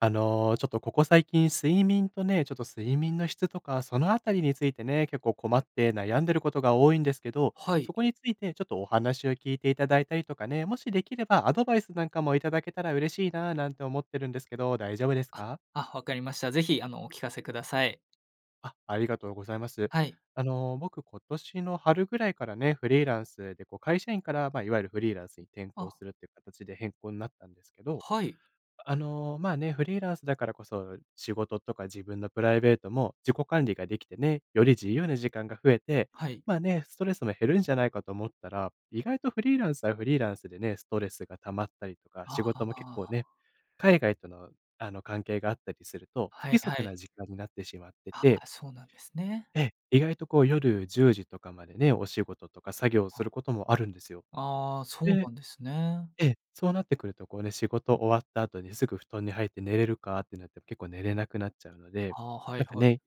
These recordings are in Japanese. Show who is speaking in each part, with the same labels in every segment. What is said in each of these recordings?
Speaker 1: あの、ちょっと、ここ最近睡眠とね、ちょっと睡眠の質とか、そのあたりについてね、結構困って悩んでることが多いんですけど、
Speaker 2: はい。
Speaker 1: そこについてちょっとお話を聞いていただいたりとかね、もしできればアドバイスなんかも頂けたら嬉しいななんて思ってるんですけど、大丈夫です
Speaker 2: あっ、
Speaker 1: か？
Speaker 2: あ、分かりました。ぜひあのお聞かせください。
Speaker 1: あ、ありがとうございます。
Speaker 2: はい。
Speaker 1: あの、僕今年の春ぐらいからね、フリーランスでこう、会社員から、ま、いわゆるフリーランスに転向
Speaker 2: あ。
Speaker 1: するっていう形で変更になったんですけど、
Speaker 2: はい。
Speaker 1: あの、まあね、フリーランスだからこそ、仕事とか自分のプライベートも自己管理ができてね、より自由な時間が増えて、
Speaker 2: はい。
Speaker 1: まあね、ストレスも減るんじゃないかと思ったら、意外とフリーランスはフリーランスでね、ストレスが溜まったりとか、
Speaker 2: あ
Speaker 1: 仕
Speaker 2: あ、あ
Speaker 1: 事も結
Speaker 2: あ、
Speaker 1: 構
Speaker 2: あ。
Speaker 1: ね、海外との、あの、関係があったりすると、不
Speaker 2: はい
Speaker 1: 規
Speaker 2: は
Speaker 1: 則
Speaker 2: い。
Speaker 1: な時間になってしまって
Speaker 2: あ
Speaker 1: て
Speaker 2: あ、そうなんですね。
Speaker 1: ええ、意外とこう、夜10時とかまでね、お仕事とか作業をす
Speaker 2: [unintelligible]
Speaker 1: ることもあるんですよ。
Speaker 2: ああ、そう
Speaker 1: で
Speaker 2: なんですね。
Speaker 1: ええ、そうなってくるとこうね、仕事終わった後にすぐ布団に入って寝れるかってなっても結構寝れなくなっちゃうので、
Speaker 2: はあ、はい
Speaker 1: なんか
Speaker 2: はい。
Speaker 1: ね、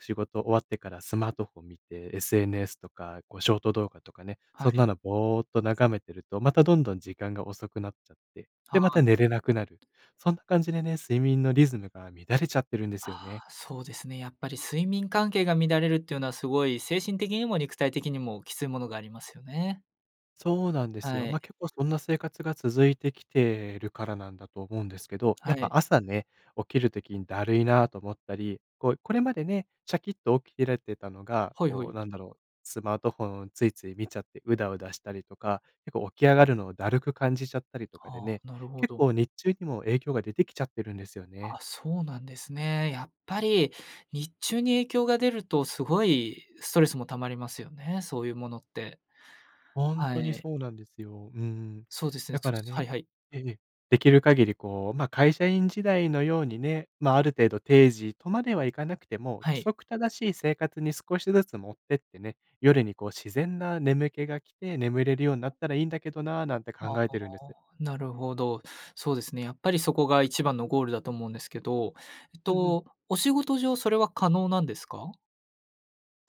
Speaker 1: 仕事終わってからスマートフォン見て、SNS とかこうショート動画とかね、
Speaker 2: は
Speaker 1: そん
Speaker 2: い。
Speaker 1: なのぼーっと眺めてるとまたどんどん時間が遅くなっちゃって、
Speaker 2: は
Speaker 1: で、ま
Speaker 2: あ、
Speaker 1: た寝
Speaker 2: うん。
Speaker 1: れなくなる。そんな感じでね、睡眠のリズムが乱れちゃってるんで
Speaker 2: あ
Speaker 1: すよね。
Speaker 2: あ、そうですね。やっぱり睡眠関係が乱れるっていうのはすごい、精神的にも肉体的にもきついものがありますよね。
Speaker 1: そうなんです
Speaker 2: は
Speaker 1: よ。
Speaker 2: い。
Speaker 1: ま、結構そんな生活が続いてきてるからなんだと思うんですけど、
Speaker 2: は
Speaker 1: やっ
Speaker 2: い。
Speaker 1: ぱ朝ね、起きる時にだるいなと思ったり、こう、これまでね、シャキッと起きてられてたのが、
Speaker 2: はいは
Speaker 1: こう
Speaker 2: い。
Speaker 1: なんだろう、スマートフォンをついつい見ちゃってうだうだしたりとか、結構起き上がるのをだるく感じちゃったりとかで
Speaker 2: あ
Speaker 1: ね、
Speaker 2: あ、なるほ
Speaker 1: 結
Speaker 2: ど。
Speaker 1: 構日中にも影響が出てきちゃってるんですよね。
Speaker 2: あ、そうなんですね。やっぱり日中に影響が出るとすごいストレスも溜まりますよね、そういうものって。
Speaker 1: ほん
Speaker 2: は
Speaker 1: とに
Speaker 2: い。
Speaker 1: そうなんですよ。うん。
Speaker 2: そうですね、
Speaker 1: だ
Speaker 2: ちょっ
Speaker 1: から
Speaker 2: とはい
Speaker 1: ね
Speaker 2: はい。
Speaker 1: ええ、できる限りこう、ま、会社員時代のようにね、まあある程度定時とまではいかなくても、
Speaker 2: は
Speaker 1: 規
Speaker 2: い。
Speaker 1: 則正しい生活に少しずつ持ってってね、夜にこう自然な眠気が来て眠れるようなったらいいんだけどな、なんて考
Speaker 2: ああ、
Speaker 1: えてるんです。
Speaker 2: なるほど。そうですね、やっぱりそこが一番のゴールだと思うんですけど、えっ
Speaker 1: うんうん。
Speaker 2: と、お仕事上それは可能なんですか？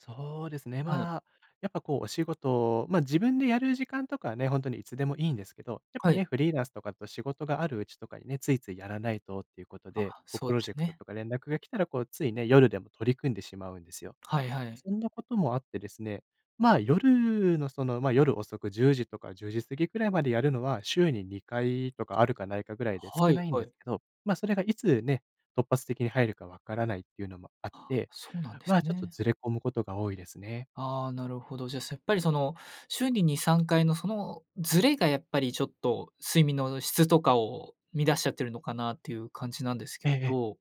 Speaker 1: そうですね。
Speaker 2: はい。
Speaker 1: まあ、やっぱこう、お仕事、ま、自分でやる時間とかね、ほんとにいつでもいいんですけど、やっ
Speaker 2: は
Speaker 1: ぱ
Speaker 2: い。
Speaker 1: ね、フリーランスとだかと仕事があるうちとかにね、ついついやらないとっていうこと
Speaker 2: あ、
Speaker 1: で、こう
Speaker 2: そう
Speaker 1: プ
Speaker 2: で
Speaker 1: ロ
Speaker 2: す
Speaker 1: ジェクト
Speaker 2: ね。
Speaker 1: とか連絡が来たらこうついね、夜でも取り組んでしまうんですよ。
Speaker 2: はいはい。
Speaker 1: そんなこともあってですね、まあ、夜のその、ま、夜遅く10時とか10時過ぎくらいまでやるのは、週に2回とかあるかないかぐらいで
Speaker 2: は
Speaker 1: 少
Speaker 2: い、
Speaker 1: ないん
Speaker 2: は
Speaker 1: です
Speaker 2: い。
Speaker 1: けど、ま、それがいつね、突発的に入るか分からないっていうのもあっ
Speaker 2: あ、
Speaker 1: て、
Speaker 2: そうなんです
Speaker 1: ま、ちょっと
Speaker 2: ね。
Speaker 1: ずれ込むことが多いですね。
Speaker 2: ああ、なるほど。じゃせっぱりその週に2、3回の、そのずれが、やっぱり、ちょっと睡眠の質とかを乱しちゃってるのかなっていう感じなんですけ
Speaker 1: ええええ。
Speaker 2: ど、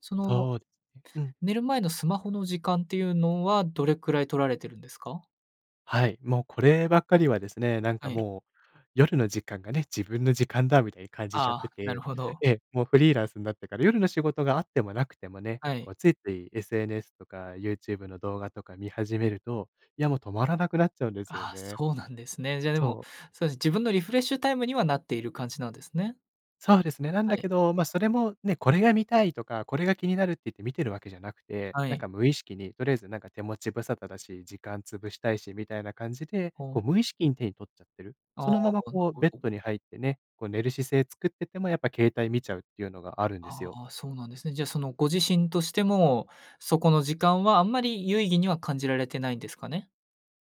Speaker 2: その
Speaker 1: そうううん。
Speaker 2: 寝る前のスマホの時間っていうのはどれくらい取られてるんですか？
Speaker 1: はい。もうこればっかりはですね、なん
Speaker 2: は
Speaker 1: か
Speaker 2: い。
Speaker 1: もう、夜の時間がね、自分の時間だみたいに感じちゃっ
Speaker 2: あ
Speaker 1: て
Speaker 2: あ、なる
Speaker 1: て
Speaker 2: ほど。
Speaker 1: ええ、もうフリーランスんなってから、夜の仕事があってもなくてもね、
Speaker 2: は
Speaker 1: こ
Speaker 2: い。
Speaker 1: うついつい SNS とかユーチューブの動画とか見始めると、いやもう止まらなくなっちゃうんですよ
Speaker 2: ああ、
Speaker 1: ね。
Speaker 2: そうなんですね。じゃあでも
Speaker 1: そう。
Speaker 2: そうですね、自分のリフレッシュタイムにはなっている感じなんですね？
Speaker 1: そうですね。なん
Speaker 2: は
Speaker 1: だ
Speaker 2: い。
Speaker 1: けど、ま、それもね、これが見たいとか、これが気になるって言って見てるわけじゃなくて、
Speaker 2: は
Speaker 1: なん
Speaker 2: い。
Speaker 1: か、無意識に、とりあえず、なんか、手持ち無沙汰だし、時間潰したいし、みたいな感じで、
Speaker 2: ほ
Speaker 1: こ
Speaker 2: う。
Speaker 1: う無意識に手に取っちゃってる。
Speaker 2: あ
Speaker 1: そ
Speaker 2: あ、
Speaker 1: のまま
Speaker 2: なる
Speaker 1: こう
Speaker 2: ほ
Speaker 1: ベッ
Speaker 2: ど。
Speaker 1: ドに入ってね、こう寝る姿勢作っててもやっぱ携帯見ちゃうっていうのがあるんです
Speaker 2: あ
Speaker 1: よ。
Speaker 2: あ、そうなんですね。じゃあそのご自身としても、そこの時間はあんまり有意義には感じられてないんですかね？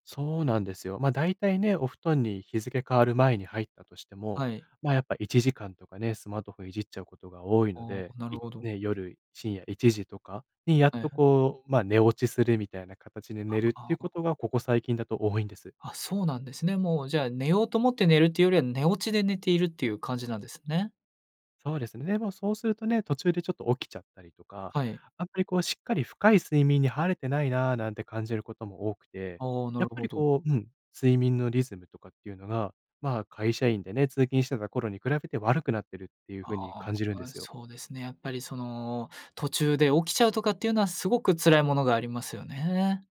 Speaker 1: そうなんですよ。ま、だいたいね、お布団に日付変わる前に入ったとしても、
Speaker 2: はい。
Speaker 1: ま、やっぱ1時間とかね、スマートフォンいじっちゃうことが多いの
Speaker 2: ああ、
Speaker 1: で、
Speaker 2: なる
Speaker 1: い
Speaker 2: ほど。
Speaker 1: ね、夜深夜1時とかにやっ
Speaker 2: はいは
Speaker 1: と
Speaker 2: い。
Speaker 1: こう、ま、寝落ちするみたいな形で
Speaker 2: あ
Speaker 1: 寝るってい
Speaker 2: あ
Speaker 1: うこ
Speaker 2: あ。
Speaker 1: とがここ最近だと多いんです。
Speaker 2: あ、そうなんですね。もうじゃあ寝ようと思って寝るっていうよりは、寝落ちで寝ているっていう感じなんですね？
Speaker 1: そうですね。で、もうそうするとね、途中でちょっと起きちゃったりとか、
Speaker 2: はい。
Speaker 1: あんまりこうしっかり深い睡眠に入れてないななんて感じることも多くて、
Speaker 2: ああ、な
Speaker 1: や
Speaker 2: る
Speaker 1: っぱ
Speaker 2: ほ
Speaker 1: り
Speaker 2: ど。
Speaker 1: こう、うん、睡眠のリズムとかっていうのが、ま、会社員でね、通勤してた頃に比べて悪くなってるっていう
Speaker 2: あ
Speaker 1: 風に感じるん
Speaker 2: あ、
Speaker 1: で
Speaker 2: あ、
Speaker 1: すよ。
Speaker 2: そうですね。やっぱりその、途中で起きちゃうとかっていうのはすごく辛いものがありますよね。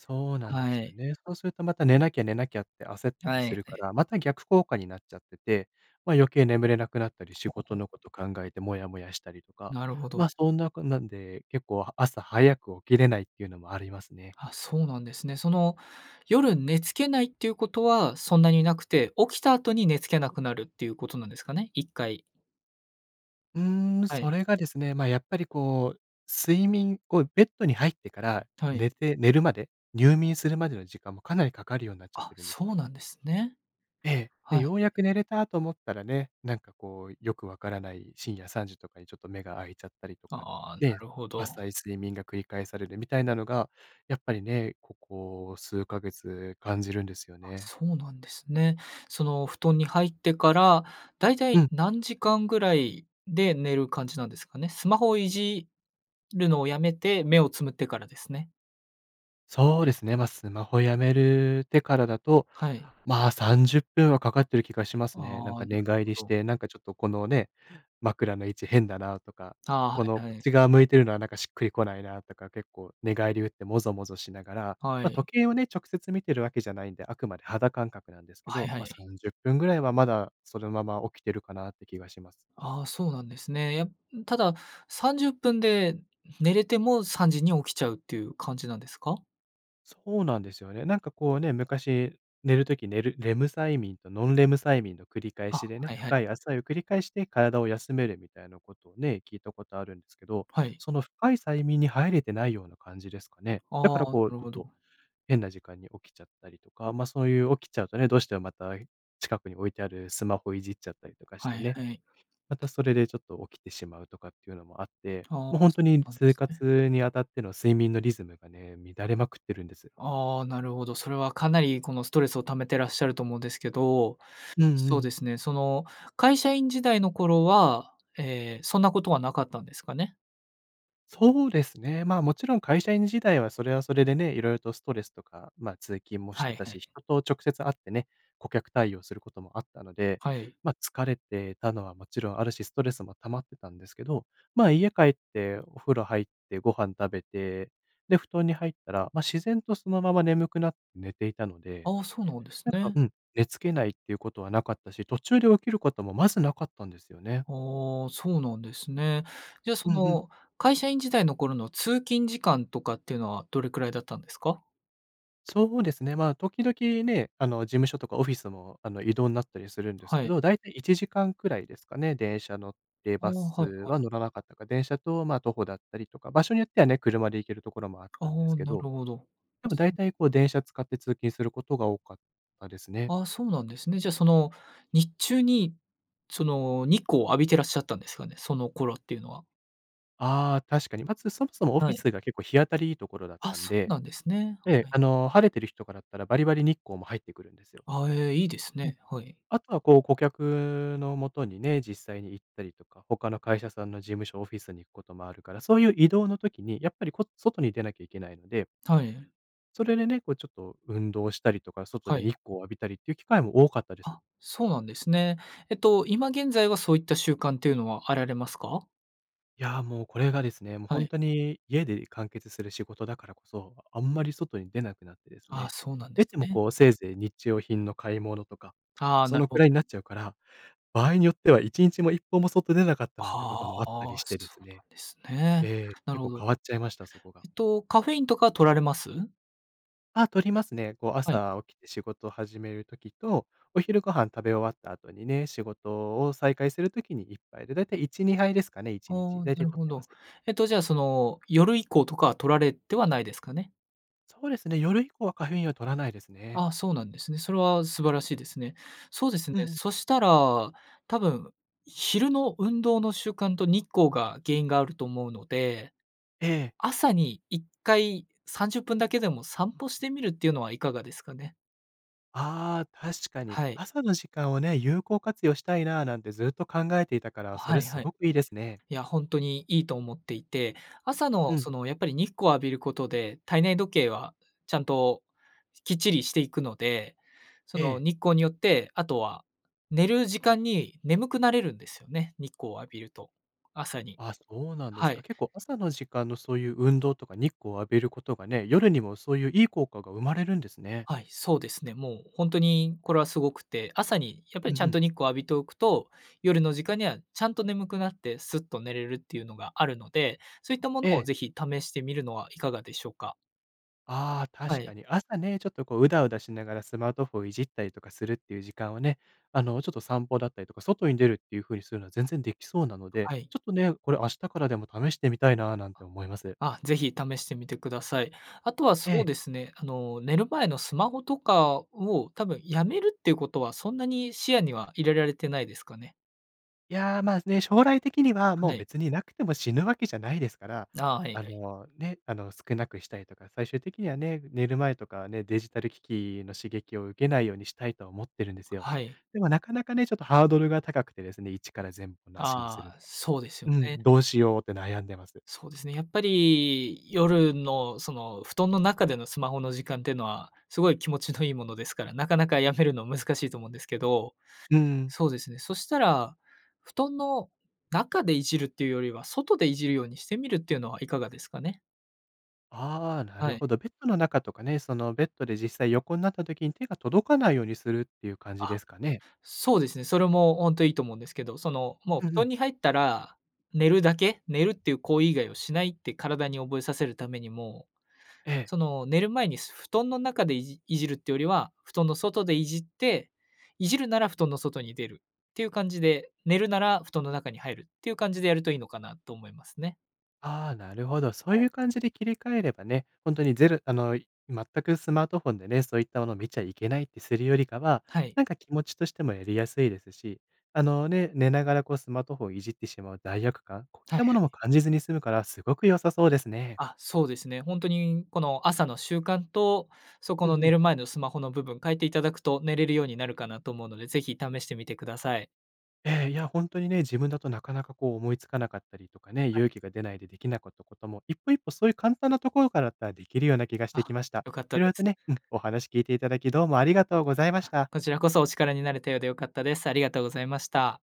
Speaker 1: そうなんで
Speaker 2: は
Speaker 1: すよ
Speaker 2: い。
Speaker 1: ね。そうするとまた寝なきゃ寝なきゃって焦ったり
Speaker 2: はい
Speaker 1: する
Speaker 2: は
Speaker 1: か
Speaker 2: い。
Speaker 1: ら、また逆効果になっちゃってて、ま、余計眠れなくなったり、仕事
Speaker 2: [unintelligible]
Speaker 1: のこと考えてモヤモヤしたりとか、
Speaker 2: なるほど。
Speaker 1: ま、そんなこんなんで結構朝早く起きれないっていうのもありますね。
Speaker 2: あ、そうなんですね。その、夜寝つけないっていうことはそんなになくて、起きた後に寝つけなくなるっていうことなんですかね？1回。
Speaker 1: うーん、
Speaker 2: はい。
Speaker 1: それがですね、ま、やっぱりこう睡眠こう、ベッドに入ってから
Speaker 2: はい。
Speaker 1: 寝て寝るまで、入眠するまでの時間もかなりかかるようになっちゃっ
Speaker 2: あ、
Speaker 1: てるんです。
Speaker 2: そうなんですね。
Speaker 1: ええ、で、
Speaker 2: はい。
Speaker 1: ようやく寝れたと思ったらね、なんかこうよく分からない深夜3時とかにちょっと目が開いちゃったりとか、
Speaker 2: ああ、な
Speaker 1: ね、
Speaker 2: るほど。
Speaker 1: 浅い睡眠が繰り返されるみたいなのが、やっぱりね、ここ数ヶ月感じるんですよね。
Speaker 2: そうなんですね。その、布団に入ってから、だいたい
Speaker 1: うん。
Speaker 2: 何時間ぐらいで寝る感じなんですかね？スマホをいじるのをやめて、目をつむってからですね。
Speaker 1: そうですね。ま、スマホやめるてからだと、
Speaker 2: はい。
Speaker 1: ま、30分はかかってる気がしますね。なん
Speaker 2: ああ、
Speaker 1: か
Speaker 2: なる
Speaker 1: 寝返
Speaker 2: ほ
Speaker 1: りし
Speaker 2: ど。
Speaker 1: て、なんかちょっと、このね、枕の位置変だなとか、
Speaker 2: あ、は
Speaker 1: この、
Speaker 2: い
Speaker 1: こ
Speaker 2: は
Speaker 1: っ
Speaker 2: い。
Speaker 1: ち側向いてるのはなんかしっくりこないなとか、結構寝返り打ってもぞもぞしながら。
Speaker 2: は
Speaker 1: ま、
Speaker 2: い。
Speaker 1: 時計をね、直接見てるわけじゃないんで、あくまで肌感覚なんですけ
Speaker 2: はい
Speaker 1: ど、
Speaker 2: は
Speaker 1: ま、さ
Speaker 2: い。
Speaker 1: んじゅっぷんぐらいは、まだそのまま起きてるかなって気がします。
Speaker 2: あ、そうなんですね。や e んただ30分で寝れても3時に起きちゃうっていう感じなんですか？
Speaker 1: そうなんですよね。なんか、こうね、昔、寝る時寝る、レム催眠とノンレム催眠の繰り返
Speaker 2: あ、
Speaker 1: しで
Speaker 2: は
Speaker 1: ね、
Speaker 2: いはい。
Speaker 1: 深い浅いを繰り返して体を休めるみたいなことをね、聞いたことあるんですけど。
Speaker 2: はい。
Speaker 1: その深い催眠に入れてないような感じですかね。だ
Speaker 2: ああ、
Speaker 1: から、こう、ち
Speaker 2: なる
Speaker 1: ょ
Speaker 2: ほ
Speaker 1: っ
Speaker 2: ど。
Speaker 1: と、変な時間に起きちゃったりとか、ま、そういう起きちゃうとね、どうしてもまた、近くに置いてあるスマホいじっちゃったりとかし
Speaker 2: は
Speaker 1: て
Speaker 2: い
Speaker 1: ね。
Speaker 2: はい。
Speaker 1: またそれでちょっと起きてしまうとかっていうのもあって、
Speaker 2: ああ、
Speaker 1: もう、ほん
Speaker 2: そ
Speaker 1: とに
Speaker 2: うなんで
Speaker 1: 生
Speaker 2: すね。
Speaker 1: 活にあたっての睡眠のリズムがね、乱れまくってるんです。
Speaker 2: ああ、なるほど。それはかなりこのストレスを溜めてらっしゃると思うんですけど。
Speaker 1: うんう
Speaker 2: そうで
Speaker 1: ん。
Speaker 2: すね、その、会社員時代の頃は、え、そんなことはなかったんですかね？
Speaker 1: そうですね。まあ、もちろん会社員時代はそれはそれでね、色々とストレスとか、まあ、通勤もし
Speaker 2: は
Speaker 1: て
Speaker 2: い
Speaker 1: た
Speaker 2: はい。
Speaker 1: し、人と直接会ってね、顧客対応することもあったので、
Speaker 2: はい。
Speaker 1: ま、疲れてたのはもちろんあるし、ストレスも溜まってたんですけど、まあ、家帰ってお風呂入ってご飯食べて、で、布団に入ったら、ま、自然とそのまま眠くなって寝ていたので、
Speaker 2: ああ、そうなんです
Speaker 1: なんか、
Speaker 2: ね。
Speaker 1: うん、寝付けないっていうことはなかったし、途中で起きることもまずなかったんですよね。
Speaker 2: ああ、そうなんですね。じゃあそ
Speaker 1: うんうん。
Speaker 2: の、会社員時代の頃の通勤時間とかっていうのは、どれくらいだったんですか？
Speaker 1: そうですね。まあ時々ね、あの事務所とかオフィスもあの移動なったりするんです
Speaker 2: は
Speaker 1: け
Speaker 2: い。
Speaker 1: ど、だいたい1時間くらいですかね、電車乗って、
Speaker 2: ああ、
Speaker 1: バス
Speaker 2: はいはい。
Speaker 1: は乗らなかったか、電車とまあ徒歩だったりとか、場所によってはね、車で行けるところもあっ
Speaker 2: あ
Speaker 1: たんです
Speaker 2: あ、
Speaker 1: け
Speaker 2: なる
Speaker 1: ど。
Speaker 2: ほど。
Speaker 1: でも大体こう電車使って通勤することが多かったですね。
Speaker 2: ああ、そうなんですね。じゃあその日中に、その日光を浴びてらっしゃったんですかね？その頃っていうのは。
Speaker 1: ああ、確かに。まずそもそもオフ
Speaker 2: は
Speaker 1: ィ
Speaker 2: い。
Speaker 1: スが結構日当たりいいところだっ
Speaker 2: あ、
Speaker 1: たん
Speaker 2: そう
Speaker 1: で、
Speaker 2: なんですね。
Speaker 1: ええ、
Speaker 2: はい。
Speaker 1: あの晴れてる日とかだったらバリバリ日光も入ってくるんですよ。
Speaker 2: あえ、いいです
Speaker 1: うん、
Speaker 2: ね、はい。
Speaker 1: あとはこう顧客のもとにね、実際に行ったりとか、他の会社さんの事務所オフィスに行くこともあるから、そういう移動の時に、やっぱりこ外に出なきゃいけないので
Speaker 2: はい。
Speaker 1: それでね、こうちょっと、運動したりとか、外
Speaker 2: は
Speaker 1: で日
Speaker 2: い。
Speaker 1: 光を浴びたりっていう機会も多かったです。
Speaker 2: あ、そうなんですね。えっと今現在はそういった習慣というのはあられますか？
Speaker 1: いや、もうこれがですね、もう
Speaker 2: は
Speaker 1: ほん
Speaker 2: い。
Speaker 1: とに家で完結する仕事だからこそ、あんまり外に出なくなってです
Speaker 2: あ、
Speaker 1: ね、
Speaker 2: そうなんで
Speaker 1: 出
Speaker 2: す
Speaker 1: ても
Speaker 2: ね。
Speaker 1: こうせいぜい日用品の買い物とか、
Speaker 2: ああ、
Speaker 1: そ
Speaker 2: なる
Speaker 1: のく
Speaker 2: ほ。
Speaker 1: らいになっちゃうから、場合によっては1日も1歩も外出なかったなんてこと
Speaker 2: あ
Speaker 1: もあった
Speaker 2: あ、
Speaker 1: りしてで
Speaker 2: そ
Speaker 1: す
Speaker 2: うな
Speaker 1: ね
Speaker 2: んですね。
Speaker 1: ええ、
Speaker 2: な
Speaker 1: 結
Speaker 2: るほ
Speaker 1: 構
Speaker 2: ど。
Speaker 1: 変わっちゃいました、そこが。
Speaker 2: えっとカフェインとかは摂られます？
Speaker 1: あ、摂りますね。こう
Speaker 2: はい。
Speaker 1: 朝起きて仕事を始める時と、お昼ご飯食べ終わった後にね、仕事を再開する時に1杯で、だいたい1、2杯ですかねい
Speaker 2: あ
Speaker 1: ちにち。
Speaker 2: あ。
Speaker 1: 大
Speaker 2: な
Speaker 1: 体
Speaker 2: る
Speaker 1: 摂っ
Speaker 2: ほ
Speaker 1: てま
Speaker 2: ど。
Speaker 1: す。
Speaker 2: えっとじゃあその夜以降とか摂られてはないですかね？
Speaker 1: そうですね、夜以降はカフェインを摂らないですね。
Speaker 2: あ、そうなんですね。それは素晴らしいですね。そうですね、
Speaker 1: うんうん。
Speaker 2: そしたら、多分、昼の運動の習慣と日光が原因があると思うので、
Speaker 1: ええ。
Speaker 2: 朝に1回30分だけでも散歩してみるっていうのはいかがですかね？
Speaker 1: ああ、確かに。
Speaker 2: はい。
Speaker 1: 朝の時間をね、有効活用したいななんてずっと考えていたから、そ
Speaker 2: は
Speaker 1: れ
Speaker 2: い
Speaker 1: す
Speaker 2: はい。
Speaker 1: ごくいいですね。
Speaker 2: いや、ほんとにいいと思っていて、朝の
Speaker 1: うん。
Speaker 2: その、やっぱり日光を浴びることで、体内時計はちゃんときっちりしていくので、そ
Speaker 1: え
Speaker 2: の、
Speaker 1: え。
Speaker 2: 日光によって、あとは、寝る時間に眠くなれるんですよね、日光を浴びると、朝に。
Speaker 1: あ、そうなんで
Speaker 2: は
Speaker 1: すか。
Speaker 2: い。
Speaker 1: 結構朝の時間のそういう運動とか日光を浴びることがね、夜にもそういういい効果が生まれるんですね。
Speaker 2: はい、そうですね。もうほんとにこれはすごくて、朝にやっぱ
Speaker 1: うん
Speaker 2: り
Speaker 1: う
Speaker 2: ちゃん
Speaker 1: ん。
Speaker 2: と日光を浴びとおくと、夜の時間にはちゃんと眠くなってすっと寝れるっていうのがあるので、そういったもの
Speaker 1: え
Speaker 2: を
Speaker 1: え。
Speaker 2: ぜひ試してみるのはいかがでしょうか？
Speaker 1: ああ、
Speaker 2: は
Speaker 1: 確
Speaker 2: い。
Speaker 1: かに。朝ね、ちょっとこう、うだうだしながらスマートフォンいじったりとかするっていう時間をね、あのちょっと散歩だったりとか、外に出るっていう風にするのは全然できそうなの
Speaker 2: は
Speaker 1: で、
Speaker 2: はい。
Speaker 1: ちょっとね、これ明日からでも試してみたいな、なん
Speaker 2: あ。
Speaker 1: て思います。
Speaker 2: あ、ぜひ試してみてください。あとは
Speaker 1: え
Speaker 2: そう
Speaker 1: え。
Speaker 2: ですね、あの、寝る前のスマホとかをたぶんやめるっていうことは、そんなに視野には入れられてないですかね。
Speaker 1: いや、ま、ね、将来的にはも
Speaker 2: は
Speaker 1: う
Speaker 2: い。
Speaker 1: 別になくても死ぬわけじゃないですから、
Speaker 2: ああ、はいは
Speaker 1: あ
Speaker 2: い。
Speaker 1: の、ね、あの、少なくしたいとか、最終的にはね、寝る前とかはね、デジタル機器の刺激を受けないようにしたいと思ってるんですよ。
Speaker 2: はい。
Speaker 1: でもなかなかね、ちょっとハードルが高くてですね、一から全部なしにす
Speaker 2: あ
Speaker 1: る
Speaker 2: あ、そうですよ
Speaker 1: のは。うん、
Speaker 2: ね。
Speaker 1: どうしようって悩んでます。
Speaker 2: そうですね、やっぱり夜のその、布団の中でのスマホの時間っていうのは、すごい気持ちのいいものですから、なかなかやめるの難しいと思うんですけど、
Speaker 1: うん。
Speaker 2: そうですね、そしたら、布団の中でいじるっていうよりは、外でいじるようにしてみるっていうのはいかがですかね？
Speaker 1: ああ、な
Speaker 2: は
Speaker 1: る
Speaker 2: い。
Speaker 1: ほど。ベッドの中とかね、その、ベッドで実際横んなった時に手が届かないようにするっていう感じ
Speaker 2: あ、
Speaker 1: ですかね？
Speaker 2: そうですね。それもほんといいと思うんですけど、その、もう
Speaker 1: うん
Speaker 2: 布
Speaker 1: うん。
Speaker 2: 団に入ったら、寝るだけ。寝るっていう行為以外をしないって体に覚えさせるためにも、
Speaker 1: ええ。
Speaker 2: その、寝る前に布団の中でいじいじるってよりは、布団の外でいじって、いじるなら布団の外に出るっていう感じで、寝るなら布団の中に入るっていう感じでやるといいのかなと思いますね。
Speaker 1: ああ、なるほど。そう
Speaker 2: は
Speaker 1: いう
Speaker 2: い。
Speaker 1: 感じで切り替えればね、ほんとにゼルあの、い全くスマートフォンでね、そういったものを見ちゃいけないってするよりかは、
Speaker 2: はい。
Speaker 1: なんか気持ちとしてもやりやすいですし、あの、ね、寝ながらこうスマートフォンをいじってしまう罪悪感、こういっ
Speaker 2: はい
Speaker 1: たも
Speaker 2: はい。
Speaker 1: のも感じずに済むからすごく良さそうですね。
Speaker 2: あ、そうですね。ほんとにこの朝の習慣とそこ
Speaker 1: うん
Speaker 2: の
Speaker 1: う
Speaker 2: 寝
Speaker 1: ん。
Speaker 2: る前のスマホの部分変えていただくと、寝れるようになるかなと思うので、是非試してみてください。
Speaker 1: ええ、いやほんとにね、自分だとなかなかこう、思いつかなかったりとかね、
Speaker 2: はい。
Speaker 1: 勇気が出ないでできなかったことも、一歩一歩そういう簡単なところからだったらできるような気がし
Speaker 2: あ、
Speaker 1: てきました。
Speaker 2: よかった
Speaker 1: 色
Speaker 2: で
Speaker 1: 々と
Speaker 2: す。
Speaker 1: ね、うん、お話聞いて頂きどうもありがとうございまし
Speaker 2: あ、
Speaker 1: た。
Speaker 2: こちらこそお力になれたようで良かったです。ありがとうございました。